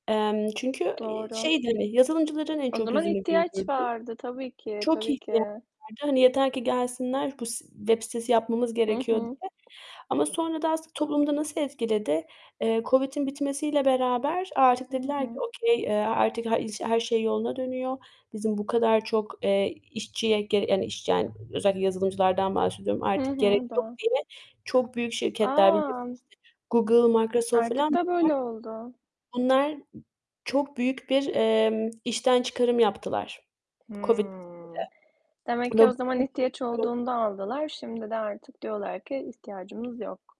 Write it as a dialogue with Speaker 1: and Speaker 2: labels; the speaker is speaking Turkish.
Speaker 1: Emm, çünkü, ııı,
Speaker 2: Doğru.
Speaker 1: şeydi, hani, yazılımcıların en
Speaker 2: O
Speaker 1: çok
Speaker 2: zaman
Speaker 1: yüzünü
Speaker 2: ihtiyaç
Speaker 1: güldürdü.
Speaker 2: vardı tabii ki,
Speaker 1: Çok
Speaker 2: tabii
Speaker 1: ihtiyaç
Speaker 2: ki.
Speaker 1: vardı. Hani, yeter ki gelsinler bu s web sitesi yapmamız
Speaker 2: Hı
Speaker 1: gerekiyor
Speaker 2: hı.
Speaker 1: diye ama sonra da aslında toplumu da nasıl etkiledi? Eee, COVID'in bitmesiyle beraber artık
Speaker 2: Hı
Speaker 1: dediler ki
Speaker 2: hı.
Speaker 1: okay eee, artık ha iş her şey yoluna dönüyor, bizim bu kadar çok, eee, işçiye ge iş yani özellikle yazılımcılardan bahsediyorum,
Speaker 2: Hı
Speaker 1: artık gerek
Speaker 2: hı,
Speaker 1: yok
Speaker 2: do
Speaker 1: diye çok büyük şirketler bilirsin
Speaker 2: A!
Speaker 1: işte Google, Microsoft
Speaker 2: Artık
Speaker 1: filan,
Speaker 2: da böyle oldu.
Speaker 1: bunlar bunlar çok büyük bir, emm, işten çıkarım yaptılar COVID
Speaker 2: Hımm, demek
Speaker 1: bitiminde.
Speaker 2: ki
Speaker 1: Ama
Speaker 2: o zaman
Speaker 1: bütün
Speaker 2: ihtiyaç
Speaker 1: bu [unintelligible]
Speaker 2: olduğunda aldılar, şimdi de artık diyorlar ki ihtiyacımız yok.